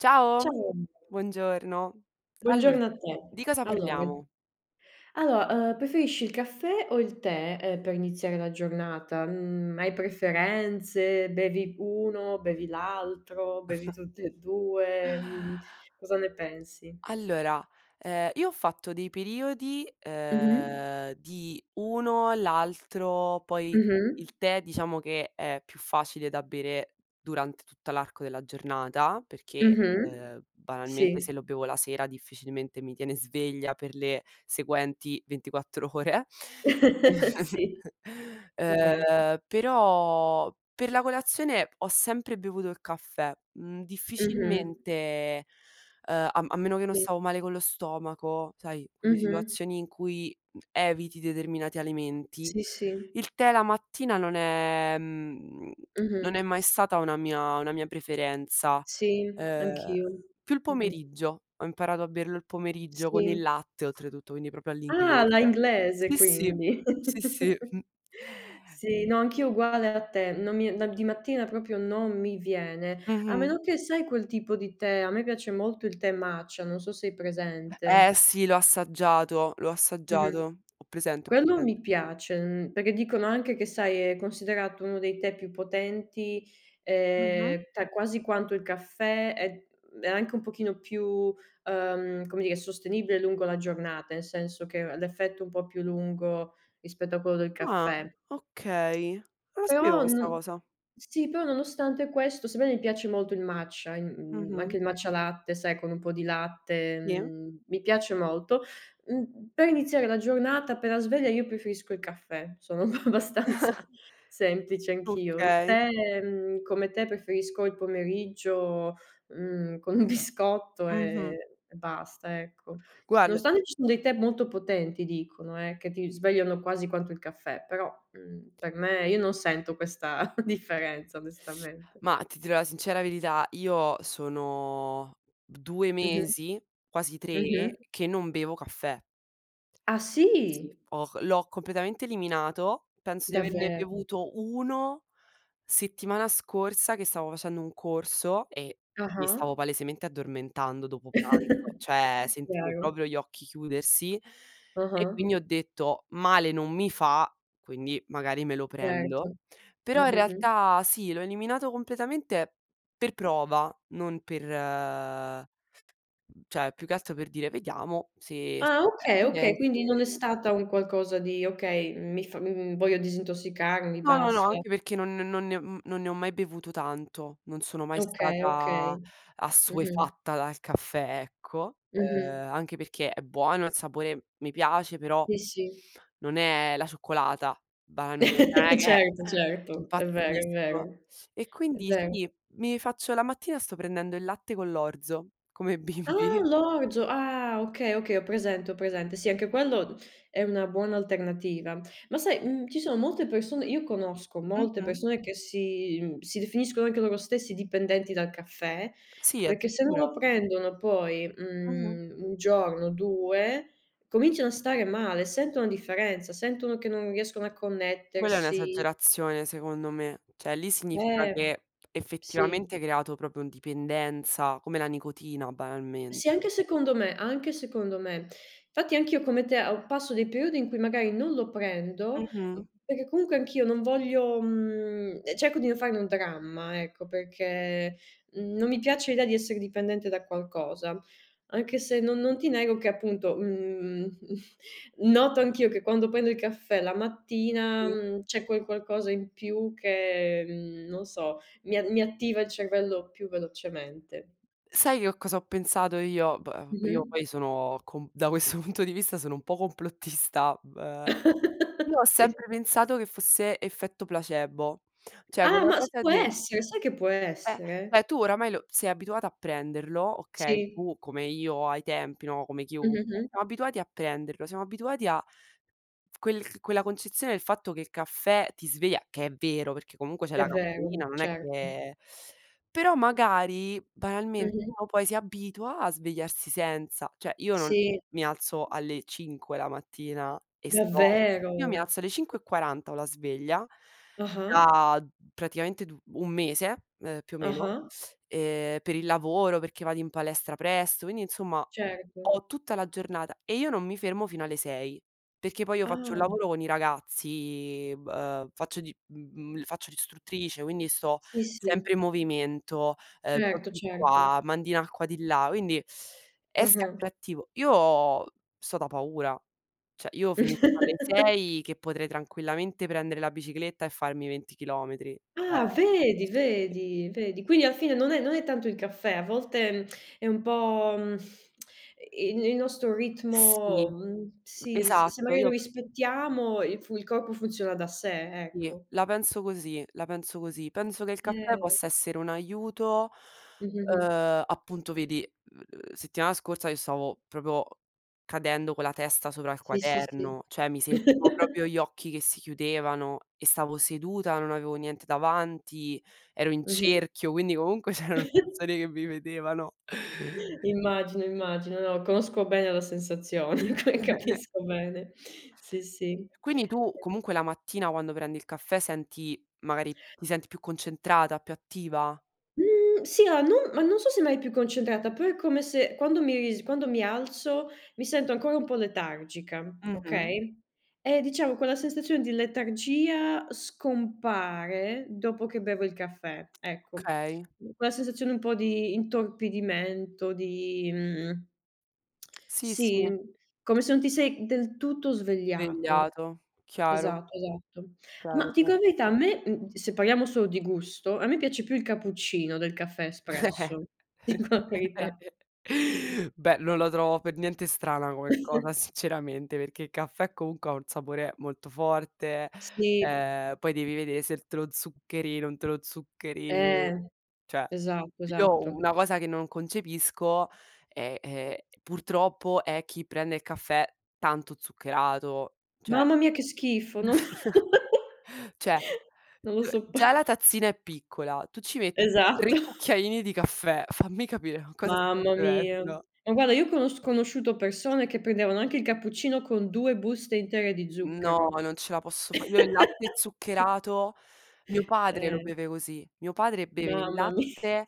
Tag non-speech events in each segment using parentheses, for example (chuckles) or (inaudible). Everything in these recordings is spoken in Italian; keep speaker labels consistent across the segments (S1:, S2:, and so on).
S1: Ciao.
S2: Ciao.
S1: Buongiorno. Allora
S2: Buongiorno a te.
S1: di cosa
S2: Allora.
S1: parliamo?
S2: Allo ehm, preferisci il caffè o il tè, ehm, per iniziare la giornata? Mhmm, hai preferenze? Bevi uno, bevi l'altro, bevi
S1: (chuckles)
S2: tutti e due, mhmm. Cosa ne pensi?
S1: Allora, ehm, io ho fatto dei periodi,
S2: Mh-mh.
S1: ehm, di uno l'altro, poi
S2: Mh-mh.
S1: il tè diciamo che è più facile da bere durante tutta l'arco della giornata perché,
S2: Mh-mh.
S1: ehm, banalmente se
S2: Sì.
S1: lo bevo la sera difficilmente mi tiene sveglia per le seguenti 24 ore.
S2: (chuckles)
S1: (chuckles)
S2: Sì, è ve
S1: Ehm, però per la colazione ho sempre bevuto il caffè, mhmm,
S2: Mh-mh.
S1: difficilmente, ehm, a m a meno che non
S2: Sì.
S1: stavo male con lo stomaco, sai, quelle
S2: Mh-mh.
S1: situazioni in cui, mhmm, eviti determinati alimenti,
S2: Sì, sì.
S1: il tè la mattina non è, mhmm, (smacks lips) non
S2: Mh-mh.
S1: è mai stata una mia una mia preferenza.
S2: Sì,
S1: Ehm,
S2: anch'io.
S1: più il
S2: Mh-mh.
S1: pomeriggio. Ho imparato a berlo il pomeriggio con il
S2: Sì.
S1: latte oltretutto, quindi proprio
S2: Ah, alla
S1: all'inglese.
S2: inglese,
S1: Sì, sì.
S2: quindi.
S1: Sì, sì. (chuckles)
S2: (chuckles) Sì, no, anch'io uguale a te, non mi no, di mattina proprio non mi viene. A
S1: Mh-mh.
S2: meno che sai quel tipo di tè, a me piace molto il tè matcha, non so se hai
S1: Eh
S2: presente.
S1: sì, l'ho assaggiato, l'ho assaggiato.
S2: Mh-mh.
S1: Ho presente, ho
S2: Quello
S1: presente.
S2: mi piace, n perché dicono anche che sai, è considerato uno dei tè più potenti,
S1: Mh-mh.
S2: ehm, ta quasi quanto il caffè è è anche un pochino più, ehm, come dire sostenibile lungo la giornata, nel senso che r l'effetto è un po' più lungo rispetto a quello del
S1: Ah,
S2: caffè.
S1: okay. Non la sapevo
S2: Però
S1: questa
S2: n
S1: cosa.
S2: sì però nonostante questo, sebbene mi piace molto il matcha a in mhmm,
S1: Mh-mh.
S2: anche il matcha latte, sai, con un po' di latte,
S1: Sì.
S2: mhmm, mi piace molto. Mhmm, per iniziare la giornata appena sveglia io preferisco il caffè. Sono abbastanza
S1: (chuckles)
S2: semplice anch'io. Il
S1: Okay.
S2: tè, mhmm, come te preferisco il pomeriggio, mhmm, con un biscotto, ehm,
S1: Mh-mh.
S2: e basta, ecco.
S1: Guarda
S2: Nonostante ci sono dei tè molto potenti dicono eh, che ti svegliano quasi quanto il caffè, però, mhmm, per me io non sento questa (chuckles) differenza
S1: (sucks teeth)
S2: onestamente.
S1: Ma ti dirò la sincera verità: io sono 2
S2: Mh-mh.
S1: mesi, quasi tre,
S2: Mh-mh.
S1: che non bevo caffè.
S2: Ah,
S1: Sì,
S2: sì?
S1: ho l'ho completamente eliminato, penso di averne
S2: Davvero?
S1: bevuto 1, settimana scorsa che stavo facendo un corso e mi
S2: Ah-ah.
S1: stavo palesemente addormentando dopo pranzo,
S2: (chuckles)
S1: cioè sentivo
S2: Chiaro.
S1: proprio gli occhi chiudersi, e
S2: Ah-ah.
S1: quindi ho detto: "Male non mi fa", quindi magari me lo prendo.
S2: Certo.
S1: Però in
S2: Mh-mh-mh.
S1: realtà sì, l'ho eliminato completamente per prova, non per cioè più che altro per dire: "Vediamo se
S2: Ah, okay, okay.
S1: (unintelligible)
S2: Quindi non
S1: se"
S2: è stata un qualcosa di okay, mi fa mhmm, voglio disintossicarmi.
S1: No, no, no,
S2: basta.
S1: anche perché non non ne mhmm, non ne ho mai bevuto tanto. Non sono mai
S2: Okay,
S1: stata
S2: okay. Mh-mh.
S1: assuefatta dal caffè, ecco.
S2: Mh-mh.
S1: Ehm, anche perché è buono il sapore mi piace, però
S2: Sì, sì.
S1: non è la cioccolata banalmente, non è
S2: (laughs)
S1: che,
S2: Certo,
S1: ehm,
S2: certo, è vero, è
S1: impazzisco.
S2: vero.
S1: E
S2: È
S1: quindi
S2: vero.
S1: sì, mi faccio la mattina sto prendendo il latte con l'orzo come i
S2: Ah,
S1: bimbi.
S2: l'orzo. Ah, okay, okay, ho presente, ho presente. Sì, anche quello è una buona alternativa. Ma sai, uhm, ci sono molte persone io conosco molte
S1: Mh-mh.
S2: persone che si mhmm, si definiscono anche loro stessi dipendenti dal caffè,
S1: Sì,
S2: perché se non lo
S1: addirittura?
S2: prendono poi,
S1: Mh-mh.
S2: mhmm, 1 giorno o 2 cominciano a stare male, sentono la differenza, sentono che non riescono a
S1: Quella è
S2: connettersi.
S1: un'esagerazione secondo me, cioè lì significa
S2: Eh,
S1: che effettivamente
S2: sì.
S1: hai creato proprio un dipendenza, come la nicotina
S2: Sì,
S1: banalmente.
S2: anche secondo me, anche secondo me. Fatti anch'io come te o passo dei periodi in cui magari non lo prendo,
S1: Mh-mh.
S2: perché comunque anch'io non voglio, mhmm, ehm, cerco di non farne un dramma, ecco, perché, mhmm, non mi piace l'idea di essere dipendente da qualcosa. Anche se non non ti nego che appunto, mhmm, mhmm, noto anch'io che quando prendo il caffè la mattina,
S1: Sì.
S2: mhmm, c'è quel qualcosa in più che, mhmm, non so, mi a mi attiva il cervello più velocemente.
S1: Sai, io cosa ho pensato io p ehm, io
S2: Mh-mh.
S1: poi sono com da questo punto di vista sono un po' complottista, beh,
S2: (laughs)
S1: io ho
S2: Sì.
S1: sempre pensato che fosse effetto placebo, cioè
S2: Ah,
S1: quella
S2: ma s
S1: cosa
S2: può
S1: de
S2: essere, sai che può
S1: è
S2: essere.
S1: è tu oramai lo sei abituata a prenderlo, okay,
S2: Sì.
S1: tu come io ai tempi no, come chiunque,
S2: Mh-mh-mh.
S1: siamo abituati a prenderlo, siamo abituati a (smacks lips) quel quella concezione del fatto che il caffè ti sveglia, che è vero, perché comunque c'è
S2: È
S1: la
S2: vero,
S1: caffeina non è
S2: certo.
S1: che però magari, banalmente,
S2: Mh-mh.
S1: uno poi si abitua a svegliarsi senza. Cioè io non
S2: Sì.
S1: mi alzo alle 5 la mattina e sto io mi
S2: Davvero?
S1: alzo alle ore 05:40 ho la sveglia,
S2: Ah-ah.
S1: da praticamente d un mese, ehm, più o meno,
S2: Ah-ah.
S1: ehm, per il lavoro, perché vado in palestra presto, quindi insomma,
S2: Certo.
S1: ho tutta la giornata e io non mi fermo fino alle 6. Perché poi io faccio un
S2: Ah.
S1: lavoro con i ragazzi, v ehm, faccio di mh mhmm, faccio l'istruttrice, quindi sto
S2: Sì, sì.
S1: sempre in movimento, ehm, giochi
S2: Certo,
S1: di
S2: certo.
S1: qua, mandi in acqua di là, quindi è
S2: Mh-mh.
S1: sempre attivo. Io sto da paura, cioè io finisco alle
S2: (laughs)
S1: 6 che potrei tranquillamente prendere la bicicletta e farmi 20 km, cioè
S2: Ah, vedi,
S1: sì.
S2: vedi, vedi. Quindi a fine non è non è tanto il caffè, a volte (smacks lips) è un po', mhmm, (smacks lips) i il il nostro ritmo
S1: Sì.
S2: mhmm, sì, s se
S1: Esatto
S2: magari lo
S1: io
S2: rispettiamo il fu il corpo funziona da sé,
S1: Sì,
S2: ecco.
S1: la penso così. La penso così. Penso che il caffè
S2: (unintelligible)
S1: possa essere un aiuto,
S2: Mh-mh-mh.
S1: ehm, appunto vedi, mhmm, settimana scorsa io stavo proprio cadendo con la testa sopra il
S2: Sì, sì, sì.
S1: quaderno; cioè, mi sentivo proprio
S2: (chuckles)
S1: gli occhi che si chiudevano e stavo seduta, non avevo niente davanti, ero in
S2: Mh-mh.
S1: cerchio, quindi comunque c'erano
S2: (chuckles)
S1: persone che mi vedevano.
S2: Immagino, immagino, no, conosco bene la sensazione ca
S1: (chuckles)
S2: capisco bene. Sì, sì.
S1: Quindi tu comunque la mattina quando prendi il caffè senti magari ti senti più concentrata, più attiva?
S2: Mhmm, sì a non ma non so se mai più concentrata, però è come se quando mi ris quando mi alzo, mi sento ancora un po' letargica,
S1: Mh-mh.
S2: okay, e diciamo, quella sensazione di letargia scompare, dopo che bevo il caffè, ecco.
S1: Okay.
S2: Quella sensazione un po' di intorpidimento di, mhmm (tsk)
S1: Sì, sì.
S2: sì, come se non ti sei del tutto svegliato.
S1: Vegliato, chiaro.
S2: Esatto, esatto. Ma
S1: Chiaro,
S2: ti
S1: chia
S2: dico la verità, a me se parliamo solo di gusto, a me piace più il cappuccino del caffè
S1: (chuckles)
S2: espresso. Ti dico la verità.
S1: Beh, non lo trovo per niente strana come cosa,
S2: (chuckles)
S1: sinceramente, perché i caffè, comunque, ha un sapore molto forte,
S2: Sì.
S1: ehm, poi devi vedere se te lo zuccheri, non te lo zuccheri
S2: Eh.
S1: cioè,
S2: Esatto,
S1: io
S2: esatto.
S1: una cosa che non concepisco, ehm ehm, purtroppo è chi prende il caffè, tanto zuccherato, cioè
S2: Mamma mia che schifo, no (laughs)
S1: (chuckles) Cioè,
S2: non lo
S1: g
S2: soppo
S1: già la tazzina è piccola, tu ci metti
S2: Esatto.
S1: 3 cucchiaini di caffè. Fammi capire, ma cosa stai
S2: Mamma mia.
S1: bevendo?
S2: Ma guarda, io ho conosc conosciuto persone, che prendevano anche il cappuccino, con 2 buste intere di
S1: No,
S2: zucchero.
S1: non ce la posso fà. Io il latte
S2: (laughs)
S1: zuccherato mio padre lo
S2: Eh.
S1: beve così. Mio padre beve il
S2: Mamma mi
S1: latte,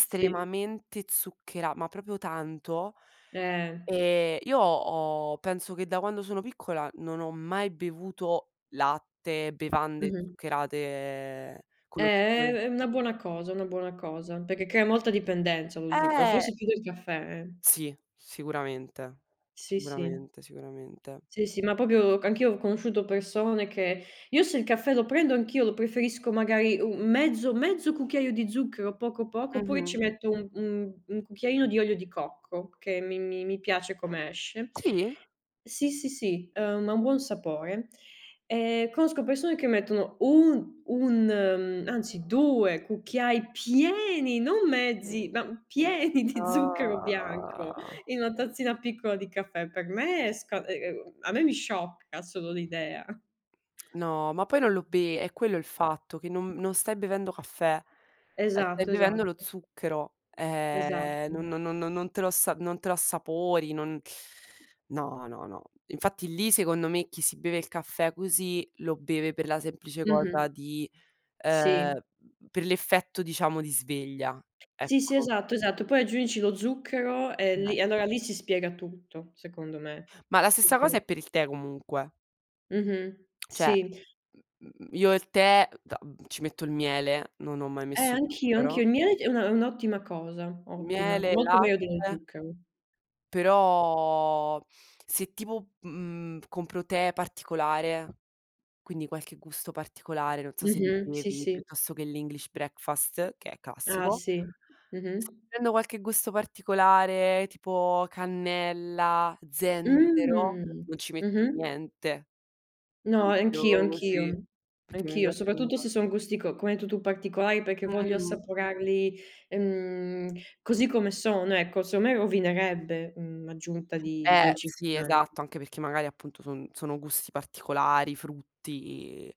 S2: sì.
S1: zucchera ma proprio tanto.
S2: Eh.
S1: Ehm, io ho penso, che da quando sono piccola, non ho mai bevuto latte, bevande
S2: Mh-mh.
S1: zuccherate, con
S2: Eh,
S1: lo
S2: è
S1: zucchero.
S2: è una buona cosa, una buona cosa, perché crea molta dipendenza lo zucchero,
S1: Eh.
S2: forse più del caffè, eh.
S1: Sì, sicuramente,
S2: Sì, sì.
S1: sicuramente, sicuramente.
S2: Sì sì, ma proprio anch'io ho conosciuto persone che io se il caffè lo prendo anch'io lo preferisco magari u un mezzo mezzo cucchiaio di zucchero, poco, poco, oppure ci
S1: Mh-mh.
S2: metto u un 1 cucchiaino di olio di cocco, che mi mi mi piace come esce.
S1: Sì?
S2: Sì, sì, sì, uhm, ha un buon sapore e conosco persone, che mettono un 1 uhm, anzi 2 cucchiai pieni, non mezzi, ma pieni di zucchero bianco,
S1: Ah.
S2: in una tazzina piccola di caffè, per me è sca e ghe go a me mi sciocca solo l'idea.
S1: No, ma poi non lo be è quello il fatto, che non non stai bevendo caffè, eh, stai
S2: Esatto, esa
S1: bevendo lo zucchero, ehm, no
S2: esatto.
S1: no no non te lo as non te l'assapori, non no, no, no. Infatti lì, secondo me, chi si beve il caffè così, lo beve per la semplice cosa
S2: Mh-mh.
S1: di
S2: Sì.
S1: ehm, per l'effetto, diciamo, di sveglia,
S2: Sì, sì,
S1: ecco.
S2: esatto, esatto. Poi aggiungici lo zucchero e
S1: (unintelligible)
S2: lì allora lì si spiega tutto, secondo me,
S1: Ma la stessa cosa
S2: (unintelligible)
S1: è per il tè, comunque.
S2: Mh-mh,
S1: Cioè,
S2: sì.
S1: mhmm, io il tè da ci metto il miele, non ho mai
S2: Eh,
S1: messo
S2: anch'io, anch'io.
S1: zucchero.
S2: Il miele è un è un'ottima cosa, ottima.
S1: Miele e
S2: Molto meglio dello
S1: latte
S2: zucchero.
S1: Però se tipo, mhmm, compro tè particolare, quindi qualche gusto particolare, non so se li
S2: Mh-mh, sì,
S1: bevi,
S2: sì.
S1: piuttosto che l' english breakfast che è
S2: Ah,
S1: classico.
S2: sì.
S1: (unintelligible)
S2: Mh-mh.
S1: prendo qualche gusto particolare tipo cannella, zenzero,
S2: Mh.
S1: non ci metto
S2: Mh-mh.
S1: niente.
S2: No anch'io,
S1: (unintelligible)
S2: anch'io
S1: perchè mi
S2: anch'io
S1: piacciono
S2: soprattutto
S1: (unintelligible)
S2: se sono gusti co come hai detto tu, particolari perché voglio
S1: Mhmm.
S2: assaporarli mhmm, così come sono ecco, secondo me rovinerebbe, mhmm, l'aggiunta di
S1: Eh sì,
S2: dolcificanti.
S1: esatto, anche perché magari appunto son sono gusti particolari, frutti,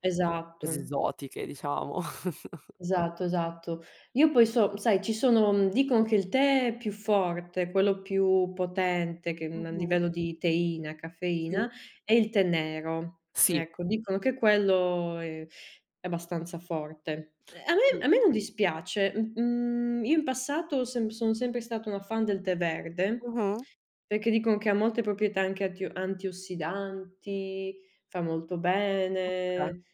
S1: cose
S2: Esatto.
S1: esotiche, diciamo. (chuckles)
S2: Esatto, esatto. Io poi so sai, ci sono, mhmm, dicon che il tè è più forte, quello più potente che, uhm, a
S1: Mh-mh.
S2: livello di teina,
S1: Sì.
S2: caffeina è il tè nero,
S1: Sì.
S2: ecco dicono che quello è è abbastanza forte. A
S1: Sì.
S2: me a me non dispiace, uhm, mhmm, io in passato sem sono sempre stata una fan del tè verde.
S1: Mh-mh.
S2: Perché dicono che ha molte proprietà anche attio antiossidanti, fa molto
S1: Okay.
S2: bene,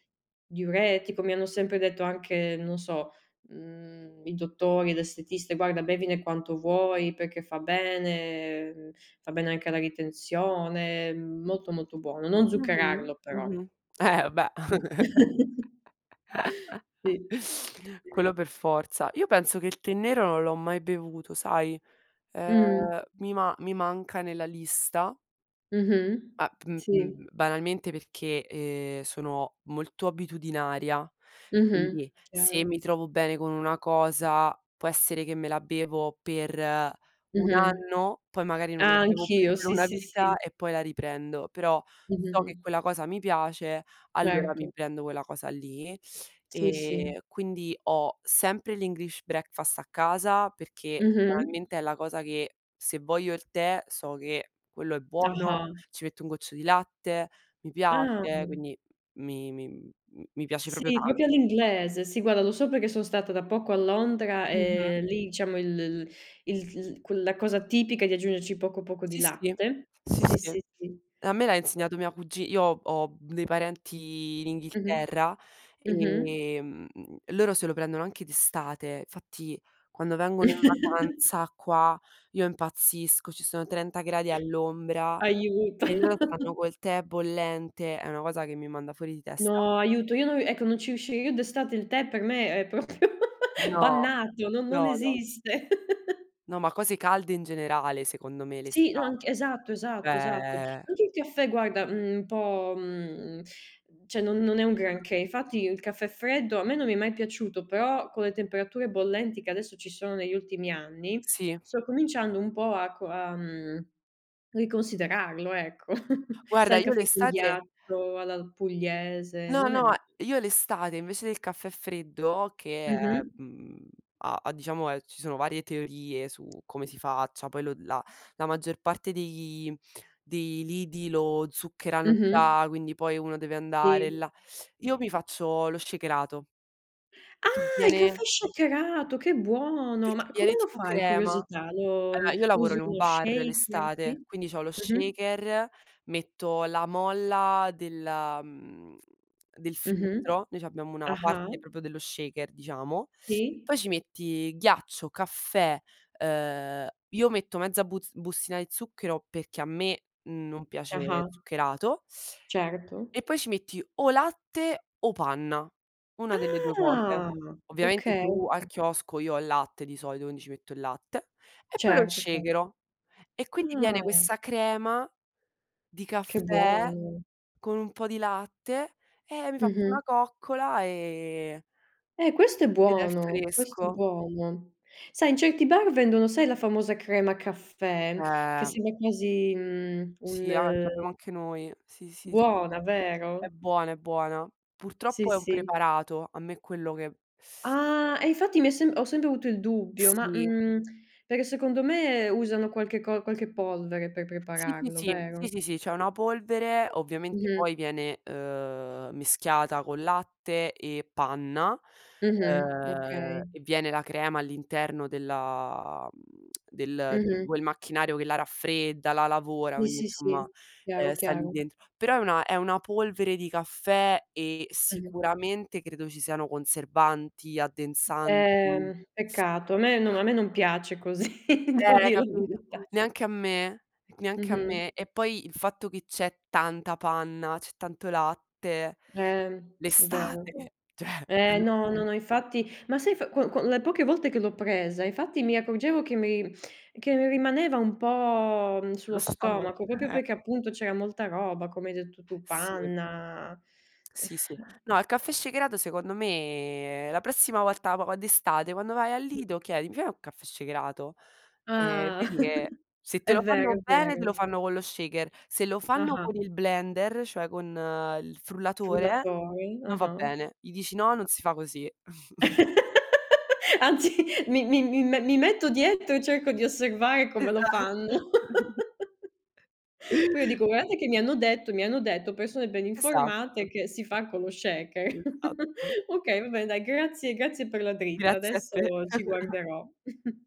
S2: diuretico, mi hanno sempre detto anche non so, mhmm, i dottori, l'estetista, guarda bevine quanto vuoi perché fa bene fa bene anche alla ritenzione, mhmm, molto molto buono, non
S1: Mh-mh.
S2: zuccherarlo però.
S1: Mh-mh. Eh beh. (chuckles)
S2: (unintelligible) (chuckles) Sì.
S1: Quello per forza, io penso che il tè nero non l'ho mai bevuto, sai,
S2: Mh-mh.
S1: ehm, mi ma mi manca nella lista
S2: Mh-mh.
S1: Ah uhm
S2: Sì.
S1: uhm, banalmente perché, ehm, sono molto abitudinaria,
S2: Mh-mh.
S1: quindi se
S2: Chiaro.
S1: mi trovo bene con una cosa, può essere che me la bevo per 1
S2: Mh-mh.
S1: anno, poi magari non la
S2: Ah,
S1: bevo più
S2: anch'io.
S1: per
S2: Sì,
S1: una
S2: sì, sì.
S1: vita e poi la riprendo, però,
S2: Mh-mh,
S1: so che
S2: mh.
S1: quella cosa mi piace, allora
S2: Certo.
S1: mi prendo quella cosa lì,
S2: Sì, sì.
S1: e quindi ho sempre l' English breakfast a casa perché
S2: Mh-mh.
S1: banalmente è la cosa che se voglio il tè so che quello è buono,
S2: Ah-ah.
S1: ci metto un goccio di latte, mi
S2: Ah.
S1: piace, quindi, mi mi, mhmm, mi piace proprio
S2: Sì,
S1: tan
S2: proprio all'inglese, sì guarda, lo so perché son stata da poco a Londra,
S1: Mh-mh.
S2: ehm, lì diciamo il l l il l quel la cosa tipica è di aggiungerci poco, poco di
S1: Sì, sì,
S2: latte.
S1: sì,
S2: Sì,
S1: sì.
S2: sì, sì.
S1: A me l'ha insegnato mia cugi io ho ho, uhm, dei parenti in
S2: Mh-mh.
S1: Inghilterra,
S2: Mh-mh.
S1: ehm, loro se lo prendono anche d'estate, fatti, quando vengono in
S2: (chuckles)
S1: vacanza qua io impazzisco, ci sono 30 gradi all'ombra,
S2: Aiuto.
S1: e loro stanno
S2: (chuckles)
S1: col tè bollente, è una cosa che mi manda fuori di testa.
S2: No, aiuto, io non ri ecco, non ci riuscirei io d'estate il tè per me è proprio
S1: No,
S2: (chuckles) bannato, non non
S1: no, no.
S2: esiste. (chuckles)
S1: No, ma cose calde in generale, secondo me
S2: Sì, no anc
S1: l'estate,
S2: esatto, esatto, esatto.
S1: cioè
S2: Anche il caffè guarda, mhmm, un po', mhmm, cioè non non è un granché, infatti il caffè freddo a me non mi è mai piaciuto però, con le temperature bollenti che adesso ci sono negli ultimi anni,
S1: Sì.
S2: sto cominciando un po' a co a, mhmm, riconsiderarlo ecco. (chuckles)
S1: Guarda,
S2: Sai il
S1: io
S2: caffè con
S1: l'estate
S2: ghiaccio alla l pugliese
S1: No,
S2: non è
S1: no,
S2: ma
S1: io l'estate invece del caffè freddo che è,
S2: Mh-mh.
S1: mhmm, ha ha diciamo è ci sono varie teorie su come si faccia, poi lo la la maggior parte dei dei lidi lo zuccherano
S2: Mh-mh.
S1: già, quindi poi uno deve andare
S2: Sì.
S1: là (sucks teeth) Io mi faccio lo shakerato.
S2: Ah,
S1: Che
S2: il
S1: viene
S2: caffè shakerato, che buono,
S1: Perché
S2: ma come
S1: viene
S2: lo
S1: tipo
S2: fai?
S1: crema
S2: Curiosità, lo
S1: allora io lavoro
S2: usi
S1: in un
S2: uno
S1: bar
S2: shaker? Sì.
S1: l'estate, quindi c'ho lo
S2: Mh-mh.
S1: shaker, metto la molla della, mhmm, del
S2: Mh-mh.
S1: filtro, noi c'abbiamo una
S2: Ah-ah.
S1: parte proprio dello shaker diciamo,
S2: Sì.
S1: poi ci metti ghiaccio, caffè, uhm, io metto mezza buz bustina di zucchero perché a me non piace
S2: Ah-ah.
S1: zuccherato
S2: Certo.
S1: e poi ci metti o latte o panna, una delle due cose.
S2: Ah,
S1: Ovviamente
S2: okay,
S1: giù al
S2: okay.
S1: chiosco io ho il latte di solito, quindi ci metto il latte e poi lo
S2: Certo, ce
S1: shakero. E quindi viene
S2: Ah.
S1: questa crema di
S2: Che
S1: caffè,
S2: buono.
S1: con un po' di latte, e mi faccio
S2: Mh-mh.
S1: una coccola ehm
S2: Eh questo è
S1: ed è
S2: buono. Questo è
S1: fresco.
S2: buono. Sai, in certi bar vendono, sai la famosa crema caffè, che
S1: Ehm.
S2: sembra quasi, mhmm,
S1: Sì, an
S2: un
S1: c'abbiamo anche noi. Sì, sì, s
S2: Buona,
S1: È
S2: vero?
S1: buona, è buona.
S2: Sì,
S1: Purtroppo è un
S2: sì.
S1: preparato, a me quello che
S2: Ah, e infatti mi è sem ho sempre avuto il dubbio. Ma
S1: Sì.
S2: mhmm, perché secondo me usano qualche co qualche polvere per
S1: Sì, sì,
S2: prepararlo,
S1: sì, sì,
S2: vero?
S1: sì, sì. C'è una polvere, ovviamente
S2: Mh-mh.
S1: poi viene, uhm, mischiata con latte e panna,
S2: Mh-mh.
S1: ehm,
S2: Okay.
S1: e viene la crema all'interno della mhmm, del di
S2: Mh-mh.
S1: quel macchinario che la raffredda, la lavora,
S2: Sì,
S1: quindi
S2: sì, sì,
S1: insomma, ehm,
S2: chiaro,
S1: sta lì
S2: chiaro.
S1: dentro. Però è una è una polvere di caffè e
S2: Mh-mh.
S1: sicuramente credo ci siano conservanti, addensan
S2: Ehm, peccato, a me non a me non piace così. (chuckles) Devo
S1: Ehm,
S2: dir la
S1: capito
S2: verità.
S1: neanche a me neanche a
S2: Mh-mh.
S1: me. E poi il fatto che c'è tanta panna, c'è tanto latte.
S2: Ehm, è vero.
S1: L'estate cioè
S2: Ehm, no, no,
S1: (chuckles)
S2: no, infatti, ma sai f qua qua le poche volte che l'ho presa, infatti mi accorgevo che mi che mi rimaneva un po', uhm,
S1: Sullo
S2: sullo
S1: stomac
S2: stomaco, proprio
S1: (chuckles)
S2: perché appunto c'era molta roba, come hai detto tu,
S1: Sì.
S2: panna
S1: Sì, sì.
S2: (sighs)
S1: No, il caffè shakerato secondo me la prossima volta po d'estate quando vai al Lido, chiedi: "Mi fai un caffè shakerato?" Eh e
S2: Ah.
S1: vedi che,
S2: (chuckles)
S1: se te
S2: È
S1: lo
S2: vero,
S1: fanno
S2: è
S1: bene, te lo
S2: vero.
S1: fanno con lo shaker. Se lo fanno
S2: Ah-ah.
S1: con il blender, cioè con il frullatore,
S2: Frullatori.
S1: non va
S2: Ah-ah.
S1: bene. Gli dici: "No, non si fa così". (chuckles)
S2: (laughs) Anzi, mi mi mi mi metto dietro e cerco di osservare come lo
S1: Esatto.
S2: fanno.
S1: (chuckles)
S2: (laughs) Poi io dico: "Guardate che mi hanno detto mi hanno detto persone ben informate
S1: Esatto.
S2: che si fa con lo shaker". (chuckles)
S1: Esatto.
S2: Okay, va bene, dai, grazie grazie per la dritta,
S1: Grazie a
S2: adesso
S1: te.
S2: ci
S1: (chuckles)
S2: guarderò. (chuckles)